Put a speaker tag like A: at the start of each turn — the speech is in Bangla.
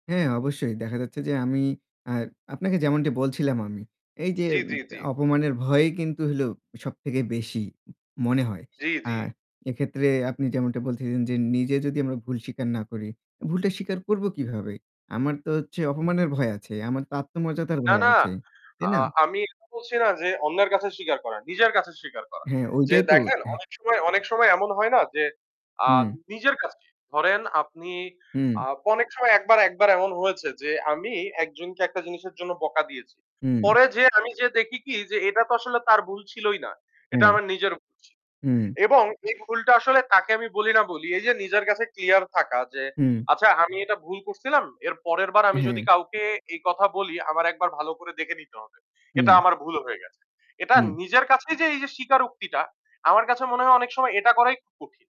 A: হ্যাঁ, অবশ্যই দেখা যাচ্ছে যে আমি আর আপনাকে যেমনটি বলছিলাম আমি। এই যে
B: জ্বী,
A: উম
B: জ্বী, জ্বী।
A: অপমানের ভয়ই কিন্তু হলো সবথেকে বেশি মনে হয়।
B: জ্বী,
A: আ
B: জ্বী।
A: এক্ষেত্রে আপনি যেমনটা বলতেছেন যে নিজে যদি আমরা ভুল স্বীকার না করি, অ্যা ভুলটা স্বীকার করবো কিভাবে? আমার তো হচ্ছে অপমানের ভয় আছে। আমার তো আত্মমর্যাদার
B: না,
A: ভয়
B: না।
A: আছে, তাই
B: আ
A: না?
B: আমি বলছি না যে অন্যের কাছে স্বীকার করা, নিজের কাছে স্বীকার করা।
A: হ্যাঁ,
B: যে
A: ঐটাই তো।
B: দেখেন
A: হ্যা।
B: অনেক সময় অনেক সময় এমন হয় না? যে আ
A: হুম।
B: নিজের কাছেই। ধরেন আপনি
A: হুম।
B: আ অনেক সময় একবার একবার এমন হয়েছে যে আমি একজনকে একটা জিনিসের জন্য বকা দিয়েছি।
A: হুম।
B: পরে যেয়ে আমি যেয়ে দেখি কি যে এটা তো আসলে তার ভুল ছিলই না। এটা
A: হ্যাঁ।
B: আমার নিজের ভুল ছি
A: হুম।
B: এবং এই ভুলটা আসলে তাকে আমি বলি না বলি, এই যে নিজের কাছে clear থাকা যে
A: হুম।
B: "আচ্ছা আমি এটা ভুল করছিলাম। এর পরেরবার আমি যদি
A: হ্যাঁ।
B: কাউকে এই কথা বলি, আমার একবার ভালো করে দেখে নিতে হবে। এটা
A: হুম।
B: আমার ভুল হয়ে গেছে।" এটা
A: হুম।
B: নিজের কাছেই যে এই যে স্বীকারোক্তিটা আমার কাছে মনে হয় অনেক সময় এটা করাই খু কঠিন।